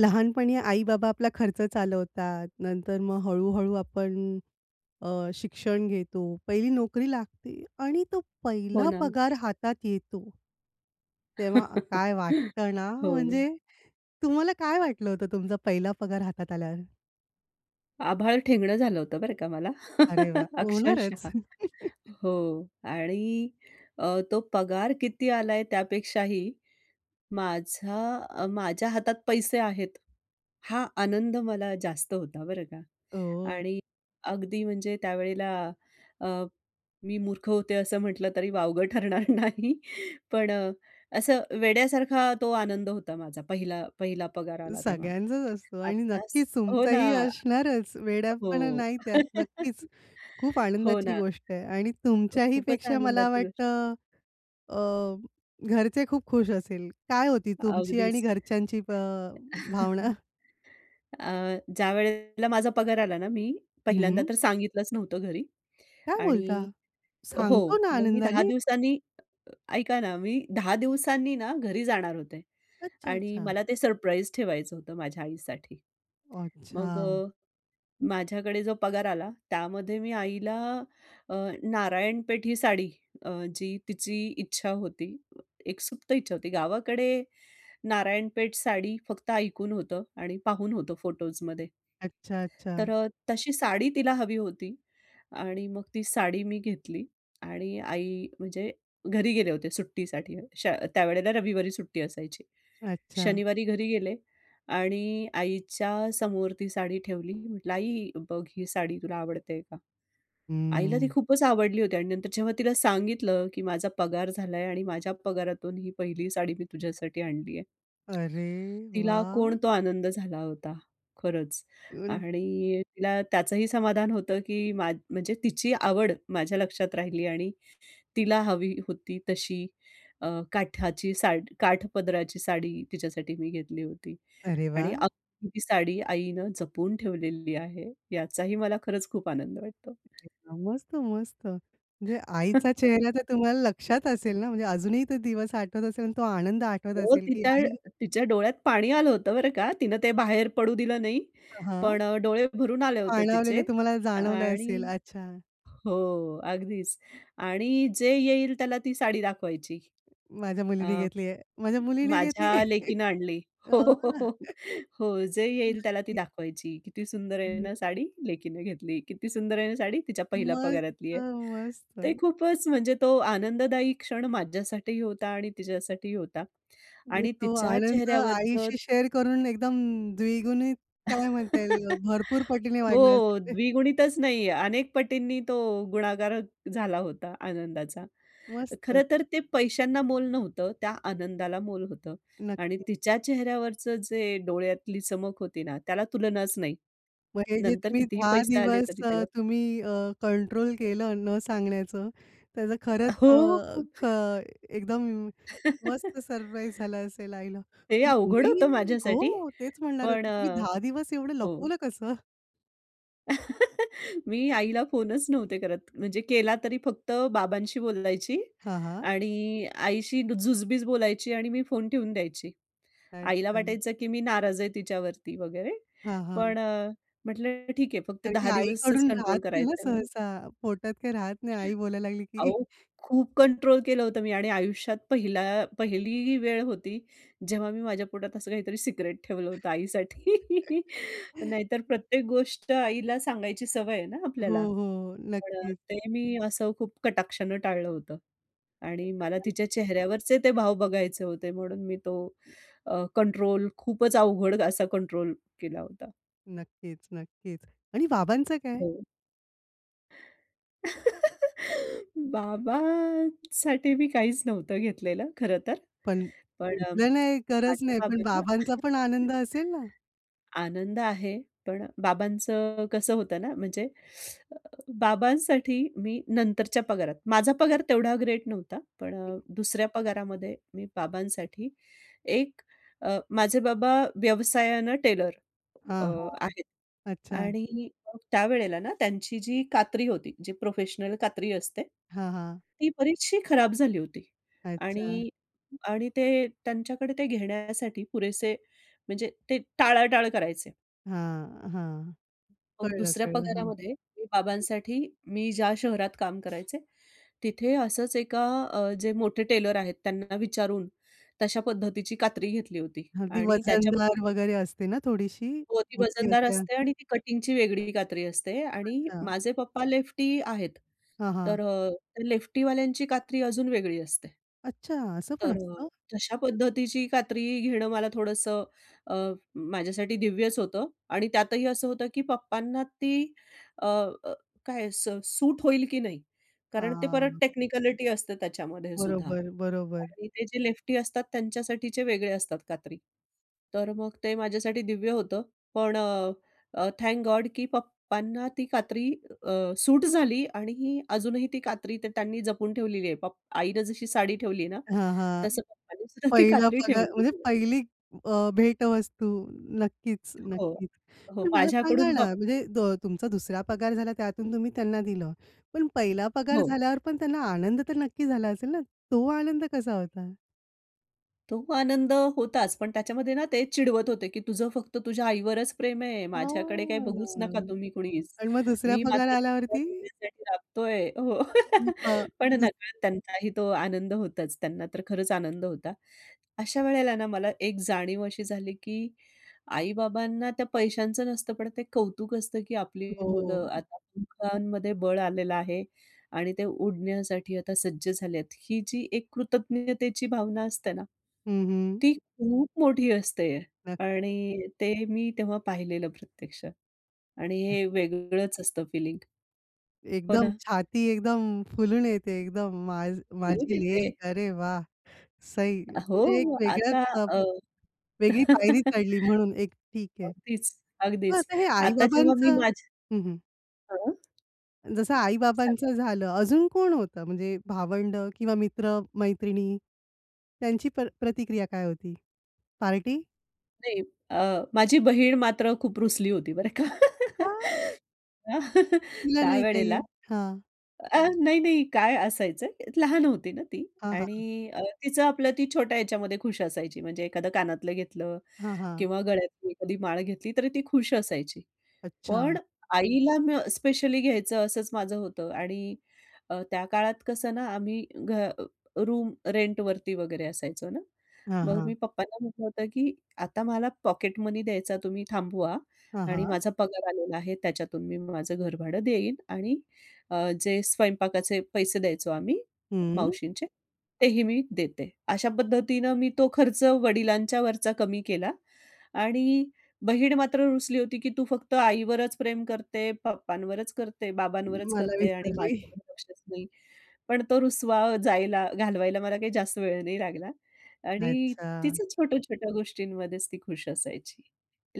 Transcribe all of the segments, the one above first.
लहानपणी आई-बाबा आपला खर्च चालवतात. नंतर मग हळू-हळू आपण अ, शिक्षण घेतो, पहिली नोकरी लागते आणि तो हो पहिला ना. पगार हातात येतो. तेव्हा अ, काय वाटतं ना, हो. म्हणजे तुम्हाला काय वाटलं होतं तुमचा पहिला पगार हातात आल्यावर? आभाळ ठेंगणं झालं होतं, बरं का मला अरे वाह! होणारच. अक्षरशः हो. आणि अ, तो पगार किती आलाय त्यापेक्षाही माझा माझ्या हातात पैसे आहेत. हा आनंद मला जास्त होता, बरं का. ओह! आणि अगदी म्हणजे त्यावेळेला अ, मी मूर्ख होते, असं म्हटलं तरी वावगं ठरणार नाही. पण अ, असं वेड्यासारखा तो आनंद होता माझा पहिला पहिला पगार आला तेव्हा, सगळ्यांचाच असतो आणि आत्ताच नक्कीच हो ना. तुमचाही असणारच. वेड्यापणा हो. नाही त्यात नक्कीच. खूप हो ना. आनंदाची गोष्ट आहे आणि अ, तुमच्याही खूपच पेक्षा मला आनंदाची गोष्ट वाटतं अ, घरचे खूप खुश असेल. काय होती तुमची आणि अगदीच. घरच्यांची अ, भावना? अ, ज्यावेळेला माझा पगार आला ना मी हं, पहिल्यांदा हं. तर सांगितलंच नव्हतं घरी. काय बोलता? आणि हो, सांगतो ना मग मी 10 आनंदाने? दिवसांनी ऐका ना, मी 10 दिवसांनी ना घरी जाणार होते. अच्छा, आणि अच्छा. मला ते सरप्राईज ठेवायचं होतं माझ्या आईसाठी. मग अच्छा. अ, माझ्याकडे जो पगार आला, त्यामध्ये मी आईला अ, नारायणपेठी साडी अ, जी तिची इच्छा होती, एक सुप्त इच्छा होती. गावाकडे नारायणपेठ साडी फक्त ऐकून होतं आणि पाहून होतं फोटोजमध्ये. अच्छा, तर अच्छा. अ, तशी साडी तिला हवी होती आणि मग ती साडी मी घेतली आणि आई म्हणजे घरी गेले होते सुट्टीसाठी. श त्यावेळेला रविवारी सुट्टी असायची. अच्छा. शनिवारी घरी गेले आणि आईच्या समोर ती साडी ठेवली. म्हटलं, "आई, बघ ही साडी तुला आवडते का?" आईला ती हं. खूपच आवडली होती आणि नंतर जेव्हा तिला सांगितलं, की "माझा पगार झालाय आणि माझ्या पगारातून ही पहिली साडी मी तुझ्यासाठी आणली आहे." अरे तिला वाह! कोण तो आनंद झाला होता खरंच. ऊन आणि तिला त्याचंही समाधान होतं की मा म्हणजे तिची आवड माझ्या लक्षात राहिली आणि तिला हवी होती तशी अ, काठाची सा काठपदराची साडी तिच्यासाठी मी घेतली होती. अरे आणि वाह! [unintelligible] ती साडी आईनं जपून ठेवलेली आहे. याचाही मला खरंच खूप आनंद वाटतो. एकदम मस्त, मस्त. म्हणजे आईचा चेहरा तर तुम्हाला लक्षात असेल ना? म्हणजे अजूनही तो दिवस आठवत असेल आणि तो आनंद आठवत हो, असेल की तिच्या आई तिच्या डोळ्यात पाणी आलं होतं बरं का. तिनं ते बाहेर पडू दिलं नाही. अ, हां. पण अ, डोळे भरून आले होते तिचे पाणावलेले तुम्हाला जाणवलं आणि असेल. अच्छा. हो. अगदीच. आणि जे येईल त्याला ती साडी दाखवायची. माझ्या अ, मुलीने घेतली आहे. माझ्या मुलीने घेतली "माझ्या आहे. लेकीनं आणली." अ, हो, हो, हो हो. जे येईल त्याला ती नक्की. दाखवायची. "किती सुंदर आहे ना [unintelligible] साडी? लेकीनं घेतली. किती सुंदर आहे ना साडी? तिच्या पहिल्या मस्त, पगारातली आहे." ते मस्त. खूपच म्हणजे तो आनंददायी क्षण माझ्यासाठीही होता आणि तिच्यासाठीही होता. मग आणि तो तिच्या आनंद चेहऱ्यावरचं आईशी शेअर करून एकदम द्विगुणित काय म्हणता येईल, भरपूर पटीने वाढला हो, असेल? द्विगुणितच नाही अनेक पटींनी तो गुणाकार झाला होता आनंदाचा. मस्त. खरंतर ते पैशांना मोल नव्हतं. त्या आनंदाला मोल होतं आणि नक्की. तिच्या चेहऱ्यावरचं जे डोळ्यातली चमक होती ना त्याला तुलनाच नाही. मग हे जे नंतर तुम्ही कितीही 10 पैसे आले दिवस तरी अ, त्याला तुम्ही अ, कंट्रोल केलं न सांगण्याचं, त्याचं खरंच अ, हो, हो. ख एकदम मस्त सरप्राईज झाला असेल आईला. हे अवघड मी होतं माझ्यासाठी हो. तेच म्हणणार पण होती तुम्ही अ, 10 दिवस एवढं हो. लपवलं कसं? मी आईला फोनचं नव्हते करत. म्हणजे केला तरी फक्त बाबांशी बोलायची. हां, हां. आणि आईशी जुजबीच बोलायची आणि मी फोन ठेवून द्यायची. आईला अच्छा. वाटायचं की मी नाराज आहे तिच्यावरती वगैरे. हां, हां. पण अ, म्हटलं, "ठीक आहे फक्त कारण की 10 दिवसचं आईकडून राहत कंट्रोल नाही हो करायचं आहे मला." सहसा. पोटात काही राहत नाही आई बोलायला लागली की अहो, खूप कंट्रोल केलं होतं मी. आणि आयुष्यात पहिला पहिली वेळ होती, जेव्हा मी माझ्या पोटात असं काहीतरी सिक्रेट ठेवलं होतं आईसाठी. नाहीतर प्रत्येक गोष्ट आईला सांगायची सवय आहे ना हो, आपल्याला. हो. पण नक्कीचं. ते मी असं खूप कटाक्षान टाळलं होतं. आणि एक मला सर्प्राइज. तिच्या चेहऱ्यावरचे ते भाव बघायचे होते. म्हणून मी तो अ, कंट्रोल खूपचं अवघड असा कंट्रोल केला होता. नक्कीचं, नक्कीचं. आणि बाबांचं काय? हो. बाबांसाठी मी काहीचं नव्हतं घेतलेलं खरंतर. पण पण घेतलं नाही गरज माझ्या नाही. पण बाबांना बाबांचा पण आनंद असेल ना? आनंद आहे. पण बाबांचं कसं होतं ना? म्हणजे अ, बाबांसाठी मी नंतरच्या पगारात, माझा पगार तेवढा ग्रेट नव्हता. पण [unintelligible] दुसऱ्या पगारामध्ये मी बाबांसाठी एक अ, माझे बाबा व्यवसायानं टेलर अ, हां, हां. आहेत. अच्छा. आणि मग त्यावेळेला ना त्यांची जी कात्री होती, जी प्रोफेशनल कात्री असते. ती हां, हां. बरीचशी खराब झाली होती. अच्छा. आणि, आणि ते त्यांच्याकडे ते घेण्यासाठी पुरेसे म्हणजे ते टाळाटाळ करायचे. हां, हां. मग कळलं, दुसऱ्या कळलं. हां. पगारामध्ये मी बाबांसाठी मी ज्या शहरात काम करायचे, तिथे असंच एका अ, जे मोठे टेलर आहेत त्यांना विचारून तशा पद्धतीची कात्री घेतली होती. अगदी आणि वजनदार त्याच्याबरोबर वगैरे असते ना थोडीशी, हो, ती मोठी वजनदार असते. हां. असते. आणि ती कटिंगची वेगळी कात्री असते. आणि अच्छा. माझे पप्पा लेफ्टी आहेत. हां, हां. तर अ, त्या लेफ्टीवाल्यांची कात्री अजून वेगळी असते. अच्छा, असं पण तर अ, असतं. तशा पद्धतीची कात्री घेणं मला थोडंसं अ, माझ्यासाठी दिव्यच होतं आणि त्यातही असं होतं की पप्पांना ती अ, अ, काय स सूट होईल की नाही. कारण ते परत हां. टेक्निकलिटी असते त्याच्यामध्येसुद्धा. बरोबर, बरोबर. आणि ते जे लेफ्टी असतात त्यांच्यासाठीचे वेगळे असतात कात्री. तर मग ते माझ्यासाठी दिव्य होतं. पण अ, अ, थँक गॉड की पप्पांना ती कात्री अ, सूट झाली आणि अजूनही ती कात्री ते त्यांनी जपून ठेवलेली आहे पप आईनं जशी साडी ठेवली आहे ना, हां, हां. तसं पप्पानेसुद्धा ती पहिला कात्री पगार ठेवलेली म्हणजे आहे. पहिली अ, भेटवस्तू नक्कीच, हो. नक्कीच. हो. पण मला सांगा माझ्याकडून ना पप म्हणजे दो तुमचा दुसरा पगार झाला त्यातून तुम्ही त्यांना दिलं. पण पहिला पगार हो. झाल्यावर पण त्यांना आनंद तर नक्की झाला असेल ना, तो आनंद कसा होता? तो आनंद होताच पण त्याच्यामध्ये ना ते चिडवत होते, की "तुझं फक्त तुझ्या आईवरच प्रेम आहे. माझ्याकडे काही बघूच नका हां तुम्ही कोणीच. आणि मग दुसऱ्या मी पगार मात्र तुम्हा आल्यावरती? सगळ्यांसाठी राबतोय." हो. मग अ, पण दुस नकळत त्यांचाही तो आनंद होताच. त्यांना तर खरंच आनंद होता. अशा वेळेला ना मला एक जाणीव अशी झाली, की आई-बाबांना त्या पैशांचं नसतं पण ते कौतुक असतं, की आपली हो. मुलं आता दोघांमध्ये बळ आलेलं आहे आणि ते उडण्यासाठी आता सज्ज झाले आहेत. ही जी एक कृतज्ञतेची भावना असते ना, हं, हं. ती खूप मोठी असते नक्कीच. आणि ते मी तेव्हा पाहिलेलं प्रत्यक्षात. आणि हे वेगळंच असतं फिलिंग. हो एकदम ना? छाती एकदम फुलून येते एकदम मा रोज माझी येते. लेक, अरे वाह! सही! म्हणजे हो, एका वेगळ्याच आता अ, अ वेगळी पायरी चढली म्हणून एक ठीक आहे. अगदीच, मग अगदीच. आता हे आता जेव्हा मी आई-बाबांचं माझ्या हं, हं. हां. जसं सांगा. आई-बाबांचं झालं अजून कोण होतं म्हणजे भावंड किंवा मित्र-मैत्रिणी? त्यांची प प्रतिक्रिया काय होती? पार्टी? नाही अ, माझी बहीण मात्र खूप रुसली होती बरं का. का? तुला नाही काही. त्यावेळेला हां. अ, नाही, नाही काय असायचं लहान होती ना ती. हां, हां. आणि तिचं आपलं ती छोट्या ह्याच्यामध्ये खुश असायची. म्हणजे एखादं कानातलं घेतलं हां, हां. किंवा गळ्यातली एखादी माळ घेतली तरी ती खुश असायची. अच्छा. पण आईला म स्पेशली घ्यायचं असंच माझं होतं आणि अ, त्या काळात कसं ना आम्ही घ रूम रेंट वरती वगैरे असायचो ना. हां, मग मी हां. पप्पांना म्हटलं होतं, की "आता मला पॉकेट मनी द्यायचा तुम्ही थांबवा हां, आणि हां. माझा पगार आलेला आहे. त्याच्यातून मी माझं घरभाडं देईन आणि अ, जे स्वयंपाकाचे पैसे द्यायचो आम्ही हं. मावशींचे तेही मी देते." अशा पद्धतीनं मी तो खर्च वडिलांच्यावरचा कमी केला. आणि बहीण मात्र रुसली होती, की तू फक्त आईवरच प्रेम करते, पप्पांवरच करते, बाबांवरच मला करते आणि विसरली. माझ्यावर लक्षच नाही. पण तो रुसवा जायला घालवायला मला काही जास्त वेळ नाही लागला. आणि अच्छा. तिचं छोट्या-छोट्या गोष्टींमध्येच ती खुश असायची.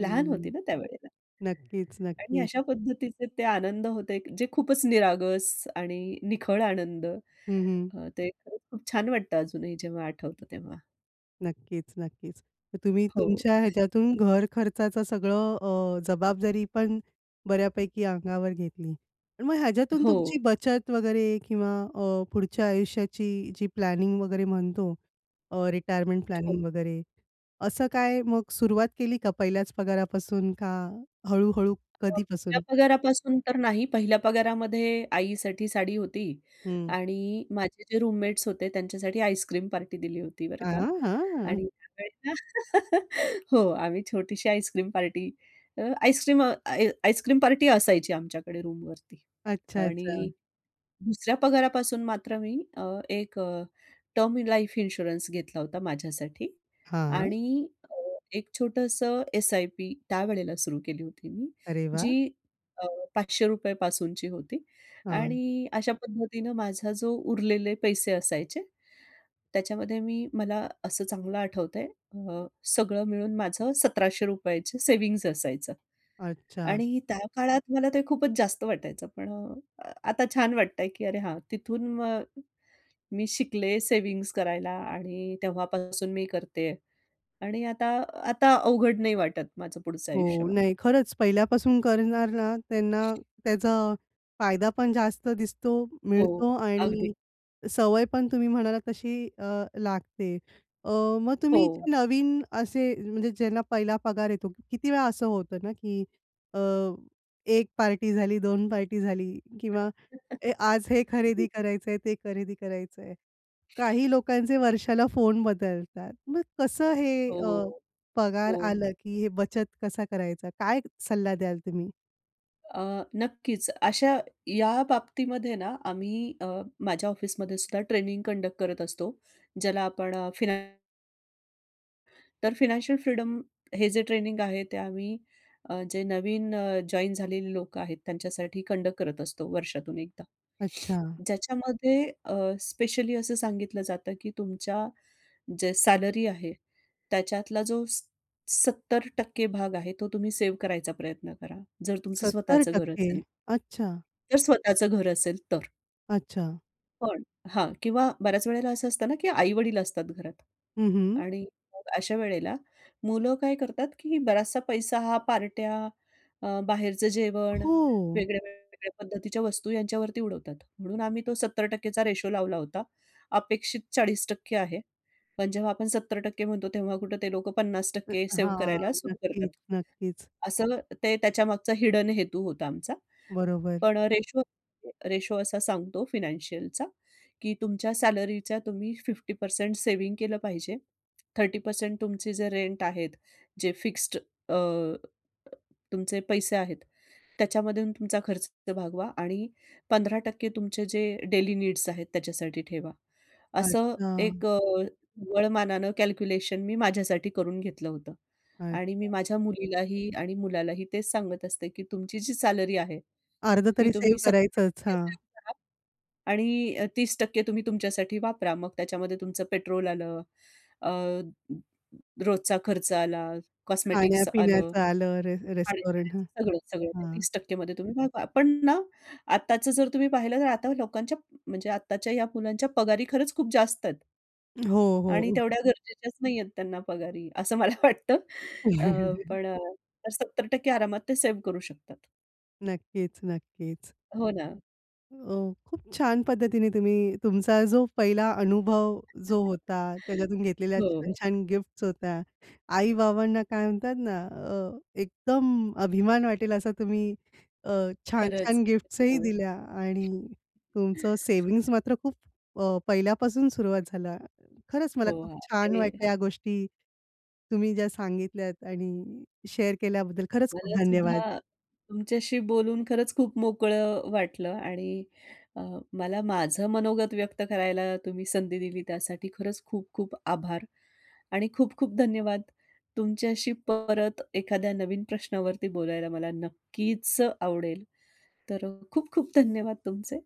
लहान होती ना त्यावेळेला. नक्कीच, आणि नक्कीच. अशा पद्धतीचे ते आनंद होते जे खूपच निरागस आणि निखळ आनंद. हं, हं. अ, ते खूप खूप छान वाटतं अजूनही जेव्हा आठवतं तेव्हा. नक्कीच, नक्कीच. तर तुम्ही हो. तुमच्या ह्याच्यातून घर खर्चाचं सगळं अ, जबाबदारी पण, बऱ्यापैकी अंगावर घेतली. आणि मग ह्याच्यातून हो. तुमची बचत वगैरे किंवा अ, पुढच्या आयुष्याची जी प्लॅनिंग वगैरे म्हणतो, अ, रिटायरमेंट हो. प्लॅनिंग वगैरे, असं काय मग सुरुवात केली का पहिल्याच पगारापासून का, हळू-हळू [unintelligible] पहिल्या कधीपासून? पगारापासून तर नाही. पहिल्या पगारामध्ये आईसाठी साडी होती हं. आणि माझे जे रूममेट्स होते त्यांच्यासाठी आईस्क्रीम पार्टी दिली होती बरं का. हां, हां. आणि [unintelligible] हो. आम्ही छोटीशी आईस्क्रीम पार्टी, अ, आईस्क्रीम अ, आइ आइसक्रीम पार्टी असायची आमच्याकडे रूमवरती. अच्छा, अच्छा. आणि दुसऱ्या पगारापासून मात्र मी अ, एक अ, टर्म इन लाईफ इन्शुरन्स घेतला होता माझ्यासाठी. हां. आणि अ, एक छोटंसं एस-आय-पी त्यावेळेला सुरु केली होती मी, अरे जी वाह! अ, ₹500 पासूनची होती. हां. आणि अशा पद्धतीने माझा जो उरलेले पैसे असायचे, त्याच्यामध्ये मी मला असं चांगलं आठवत आहे अ, सगळं मिळून माझं ₹1700 ची सेव्हिंग्ज असायचं. अच्छा. आणि त्या काळात मला ते खूपच जास्त वाटायचं. पण अ, आता छान वाटतंय की अरे हां, तिथून मग, मी शिकले सेव्हिंग्ज करायला आणि तेव्हापासून मी करते आहे. आणि आता, आता अवघड नाही वाटत माझं पुढचं आयुष्य हो. मला. नाही खरंच पहिल्यापासून करणार ना, त्यांना त्याचा, फायदा पण जास्त दिसतो, हो. मिळतो अगदी. आणि सवय पण तुम्ही म्हणालात तशी अ, लागते. अ, मग तुम्ही हो. जे नवीन असे म्हणजे ज्यांना पहिला पगार येतो किती वेळा असं होतं ना, की अ, 1 पार्टी झाली, 2 पार्टी झाली किंवा ए आज हे खरेदी करायचंय, ते खरेदी करायचं आहे. काही लोकांचे वर्षाला फोन बदलतात. मग कसं हे अ, हो, पगार हो. आला की हे बचत कसा करायचा? काय सल्ला द्याल तुम्ही? अ, नक्कीच, अशा या बाबतीमध्ये ना आम्ही अ, माझ्या ऑफिसमध्ये सुद्धा ट्रेनिंग कंडक्ट करत असतो. ज्याला आपण अ, फिनान तर फिनॅन्शियल फ्रीडम हे जे ट्रेनिंग आहे ते आम्ही अ, जे नवीन अ, जॉइन झालेली लोकं आहेत त्यांच्यासाठी कंडक्ट करत असतो वर्षातून एकदा. अच्छा. ज्याच्यामध्ये अ, स्पेशली असं सांगितलं जातं, की "तुमच्या जे सॅलरी आहे, त्याच्यातला जो स सत्तर टक्के भाग आहे, तो तुम्ही सेव्ह करायचा प्रयत्न करा. जर तुमचं सत्तर स्वतःचं घर टक्के असेल." अच्छा. जर स्वतःच घर असेल तर. अच्छा. पण हां, किंवा बऱ्याच वेळेला असं असतं ना की आई-वडील असतात घरात हं, हं. आणि मग अशा वेळेला मुलं काय करतात की बराचसा पैसा हा पार्ट्या, अ, बाहेरचं जेवण, हो. वेगळ्या-वेगळ्या पद्धतीच्या वस्तू यांच्यावरती उडवतात, म्हणून आम्ही तो 70% चा रेशो लावला होता, अपेक्षित 40% आहे. पण जेव्हा आपण 70% म्हणतो, तेव्हा कुठं ते लोकं पन्नास अ, टक्के सेव्ह हां. करायला सुरू करतात. नक्कीच, नक्कीच. असं ते त्याच्यामागचा हिडन हेतू होता आमचा. बरोबर. पण रेशो रेशो असा सांगतो फिनॅन्शियलचा की तुमच्या सॅलरीचा तुम्ही 50% सेव्हिंग केलं पाहिजे. 30% तुमचे जे रेंट आहेत, जे फिक्स्ड अ, अ, तुमचे पैसे आहेत त्याच्यामधून तुमचा खर्च भागवा आणि 15% तुमचे जे डेली नीड्स आहेत, त्याच्यासाठी ठेवा. असं अच्छा. एक अ, वळमानानं कॅल्क्युलेशन मी माझ्यासाठी करून घेतलं होतं आणि मी अच्छा. माझ्या मुलीलाही आणि मुलालाही तेच सांगत असते की तुमची जी सॅलरी आहे अर्ध ती तरी तुम्ही सेव्ह सत्तर करायचंच. टक्के हां. सेव्ह करा आणि अ, 30% तुम्ही तुमच्यासाठी वापरा. मग त्याच्यामध्ये तुमचं पेट्रोल आलं. अ, रोजचा खर्च आला, कॉस्मेटिक्स आलं, खाण्या-पिण्याचं आलं रे रेस्टॉरंट हं, खाण्या-पिण्याचं सगळं, सगळं ते हं. 30% मध्ये तुम्ही भागवा. पण ना आत्ताच जर तुम्ही पाहिलं ना, तर आता लोकांच्या म्हणजे आत्ताच्या या मुलांच्या पगारी खरंच खूप जास्त आहेत. हो, आणि हो. तेवढ्या गरजेच्याचं नाही आहे त्यांना पगारी असं मला वाटतं. अ, पण अ, 70% आरामात ते सेव्ह करू शकतात. नक्कीच, नक्कीच. हो ना. अ, खूप छान पद्धतीने तुम्ही तुमचा जो पहिला अनुभव जो होता, त्याच्यातून घेतलेल्या हो. छान-छान गिफ्ट्स होत्या. आई-बाबांना काय म्हणतात ना अ, एकदम अभिमान वाटेल असा तुम्ही अ, खरंच छान-छान गिफ्ट्स ही हो. दिल्या आणि तुमचं सेव्हिंग्ज मात्र खूप अ, पहिल्यापासून सुरुवात झालं. खरंच हो, मला खूप हां. छान ते वाटलं या गोष्टी तुम्ही ज्या सांगितल्यात आणि शेअर केल्याबद्दल खरंच मला खूप धन्यवाद. सुद्धा तुमच्याशी बोलून खरंच खूप मोकळं अ, वाटलं आणि अ, मला माझं मनोगत व्यक्त करायला तुम्ही संधी दिली त्यासाठी खरंच खूप-खूप आभार आणि खूप-खूप धन्यवाद. तुमच्याशी परत एखाद्या नवीन प्रश्नावरती बोलायला मला नक्कीच आवडेल. तर अ, खूप-खूप धन्यवाद तुमचे.